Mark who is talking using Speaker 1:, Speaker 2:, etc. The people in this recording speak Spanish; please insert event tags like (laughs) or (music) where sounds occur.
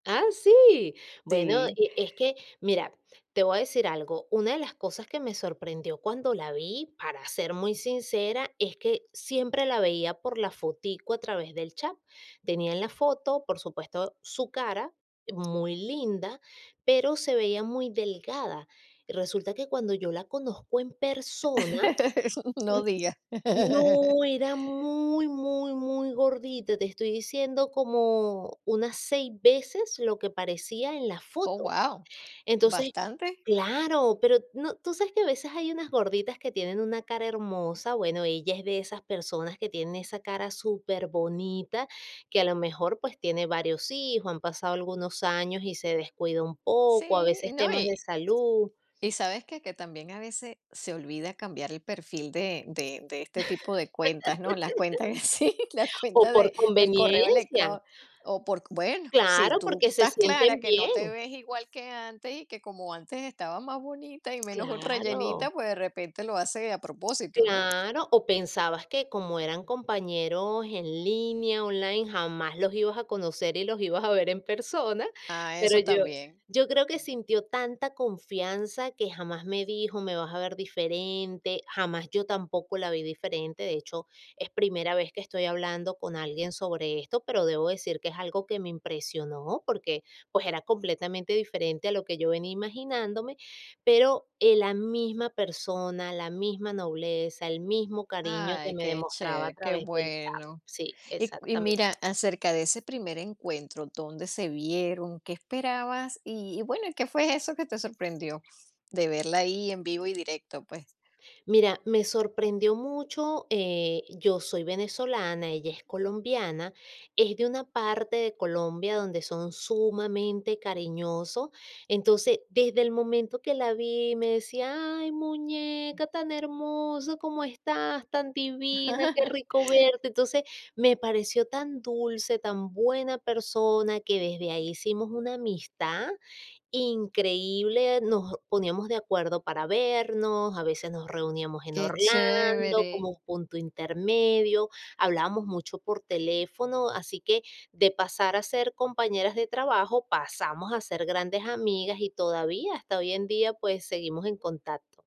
Speaker 1: Ah, sí. Bueno,
Speaker 2: Sí.
Speaker 1: e es que, mira, te voy a decir algo, una de las cosas que me sorprendió cuando la vi, para ser muy sincera, es que siempre la veía por la fotico a través del chat. Tenía en la foto, por supuesto, su cara, muy linda, pero se veía muy delgada, y resulta que cuando yo la conozco en persona
Speaker 2: (laughs) No diga. (laughs)
Speaker 1: No era muy, muy, muy gordita, te estoy diciendo como unas 6 veces lo que parecía en la
Speaker 2: Oh,
Speaker 1: foto.
Speaker 2: guau,
Speaker 1: Entonces
Speaker 2: bastante.
Speaker 1: claro, pero no tú sabes que a veces hay unas gorditas que tienen una cara hermosa. Bueno, ella es de esas personas que tienen esa cara superbonita, que a lo mejor, pues tiene varios hijos, han pasado algunos años y se descuidó un poco, a
Speaker 2: Sí, y
Speaker 1: veces
Speaker 2: no,
Speaker 1: temas de
Speaker 2: y
Speaker 1: salud.
Speaker 2: y ¿sabes qué?, que también a veces se olvida cambiar el perfil de de de este tipo de cuentas, ¿no?, las cuentas en sí, las
Speaker 1: (laughs) O
Speaker 2: cuentas
Speaker 1: por
Speaker 2: de del correo
Speaker 1: conveniencia.
Speaker 2: electró o por bueno, si
Speaker 1: ¡Claro!,
Speaker 2: tú
Speaker 1: porque se
Speaker 2: estás clara
Speaker 1: sienten
Speaker 2: que no te
Speaker 1: bien.
Speaker 2: ves igual que antes y que como antes estaba más bonita y menos rellenita,
Speaker 1: Claro.
Speaker 2: pues, de repente lo hace a propósito, ¿no?
Speaker 1: Claro, o pensabas que como eran compañeros en línea, online, jamás los ibas a conocer y los ibas a ver en persona,
Speaker 2: Ah,
Speaker 1: pero,
Speaker 2: eso
Speaker 1: yo
Speaker 2: también.
Speaker 1: yo creo que sintió tanta confianza que jamás me dijo: "Me vas a ver diferente", jamás yo tampoco la vi diferente. De hecho, es primera vez que estoy hablando con alguien sobre esto, pero debo decir que es algo que me impresionó, porque, pues, era completamente diferente a lo que yo venía imaginándome, pero, eh, la misma persona, la misma nobleza, el mismo cariño que
Speaker 2: Ay,
Speaker 1: me
Speaker 2: qué
Speaker 1: demostraba a
Speaker 2: chév qué
Speaker 1: través del chat
Speaker 2: bueno.
Speaker 1: Sí,
Speaker 2: Y y
Speaker 1: exactamente.
Speaker 2: mira acerca de ese primer encuentro, ¿dónde se vieron? ¿Qué esperabas?, y y, bueno, ¿y qué fue eso que te sorprendió, de verla ahí en vivo y directo, pues?
Speaker 1: Mira, me sorprendió mucho, eh, yo soy venezolana, ella es colombiana, es de una parte de Colombia donde son sumamente cariñosos. Entonces, desde el momento que la vi, me decía: "Ay, muñeca, tan hermosa como estás, tan divina, qué rico
Speaker 2: (laughs)
Speaker 1: verte". Entonces, me pareció tan dulce, tan buena persona, que desde ahí hicimos una amistad increíble. Nos poníamos de acuerdo para vernos, a veces nos reuníamos en
Speaker 2: ¡Qué
Speaker 1: Orlando, como
Speaker 2: chévere!
Speaker 1: un punto intermedio. Hablábamos mucho por teléfono, así que de pasar a ser compañeras de trabajo, pasamos a ser grandes amigas y todavía, hasta hoy en día, pues seguimos en contacto.